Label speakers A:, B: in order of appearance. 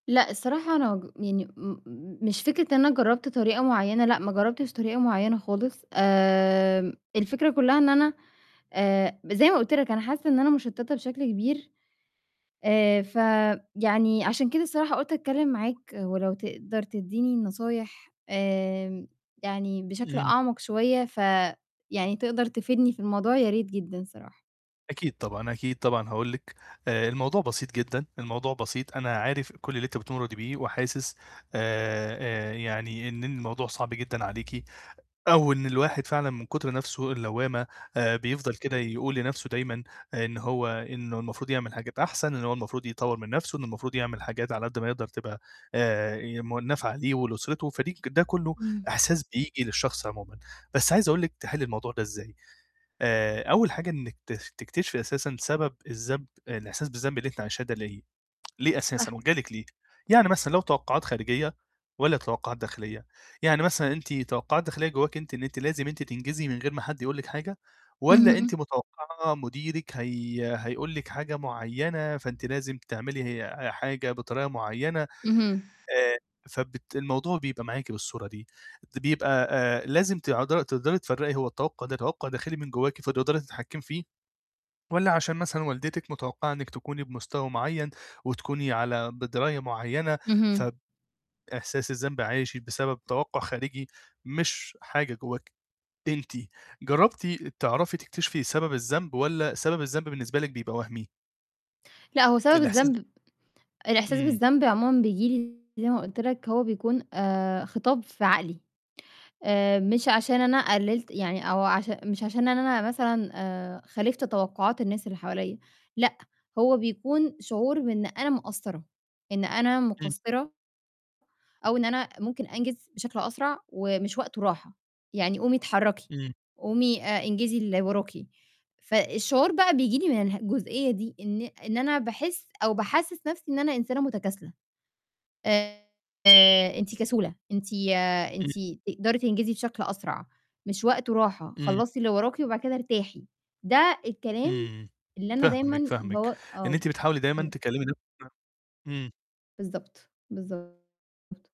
A: لأ، الصراحة أنا أجو يعني، إمم، مش فكرة إن أنا جربت طريقة مُعينة، لأ، ما جربتش طريقة مُعينة خالص. آمم، الفكرة كلها إن أنا، آآ، زي ما قُلت لك أنا حاسة إن أنا مُشتتة بشكل كبير. آآ، ف يعني، عشان كده الصراحة قُلت أتكلم معاك، ولو تقدر تدّيني النصايح، آمم، يعني بشكل
B: إمم.
A: أعمق شوية، ف يعني، تقدر تفيدني في الموضوع، يا ريت جدًا الصراحة.
B: أكيد طبعًا، أكيد طبعًا هاقول لِك، آآ، الموضوع بسيط جدًا، الموضوع بسيط. أنا عارف كل اللي أنتِ بتمُرّي بيه، وحاسس، آآ، يعني إن إن الموضوع صعب جدًا عليكِ، أو إن الواحد فعلًا من كتر نفسه اللوامة، آآ، بيفضَل كده يقول لنفسه دايمًا إن هو إنه المفروض يعمل حاجات أحسن، إنه هو المفروض يطوّر من نفسه، إنه المفروض يعمل حاجات على قد ما يقدر تبقى آآ، يم نافعة ليه ولأسرته، فدي ك ده كله
A: إمم.
B: إحساس بييجي للشخص عمومًا. بس عايز أقول لِك تحلي الموضوع ده إزاي. آآ، أول حاجة إنِك ت تكتشفي أساسًا سبب الذنب الإحساس بالذنب اللي أنتِ عايشاه ده لاقيه؟ ليه
A: صح.
B: أساسًا؟ وجه لِك ليه؟ يعني مثلًا لو توقعات خارجية والّا توقعات داخلية؟ يعني مثلًا أنتِ توقعات داخلية جواكِ أنتِ إن أنتِ لازم أنتِ تنجزي من غير ما حد يقول لِك حاجة والّا
A: اهم.
B: أنتِ متوقعة مُديرِك هي هيقول لِك حاجة معينة، فأنتِ لازم تعملي، هي حاجة بطريقة مُعينة؟ آآ،
A: اهم.
B: فبت الموضوع بيبقى معاكِ بالصورة دي. بيبقى، آآ، لازم ت تقدري تفرّقي هو التوقع ده توقع داخلي من جواكِ فتقدري تتحكمي فيه، والّا عشان مثلًا والدتِك متوقعة إنِك تكوني بمستوى معين وتكوني على بدراية مُعينة، ف
A: اهم.
B: إحساس الذنب عاشِت بسبب توقع خارجي مش حاجة جواكِ أنتِ. جربتِ تعرفي تكتشفي سبب الذنب والَّا سبب الذنب بالنسبة لِك بيبقى وهمي؟
A: لأ، هو سبب
B: الإحساس
A: الذنب الإحساس
B: إمم.
A: بالذنب عمومًا بييجي لي زي ما قُلت لك، هو بيكون، آآ خطاب في عقلي. آآ، مش عشان أنا قللت يعني أو عش مش عشان إن أنا مثلًا، آآ، خالِفت توقعات الناس اللي حواليّا، لأ، هو بيكون شعور بإن أنا مقصرة، إن أنا
B: إمم.
A: مُقصِرة أو إن أنا ممكن أنجز بشكل أسرع، ومش وقته راحة. يعني، قومي اتحركي،
B: إمم.
A: قومي، آآ انجزي اللي وراكِ. فالشعور بقى بييجي لي من اله جُزئية دي إن إن أنا باحس أو باحسس نفسي إن أنا إنسانة مُتكاسلة. آآ، أنتِ كسولة، أنتِ أنتِ
B: إمم.
A: تقدري تنجزي بشكل أسرع، مش وقته راحة،
B: إمم.
A: خلصي اللي وراكِ وبعد كده ارتاحي. ده الكلام
B: إمم.
A: اللي أنا
B: فاهمِك،
A: دايمًا
B: فاهمِك.
A: بو
B: إن
A: آه،
B: أنتِ بتحاولي دايمًا
A: لنفسي.
B: تكلمي [unintelligible] إمم.
A: بالضبط، بالضبط.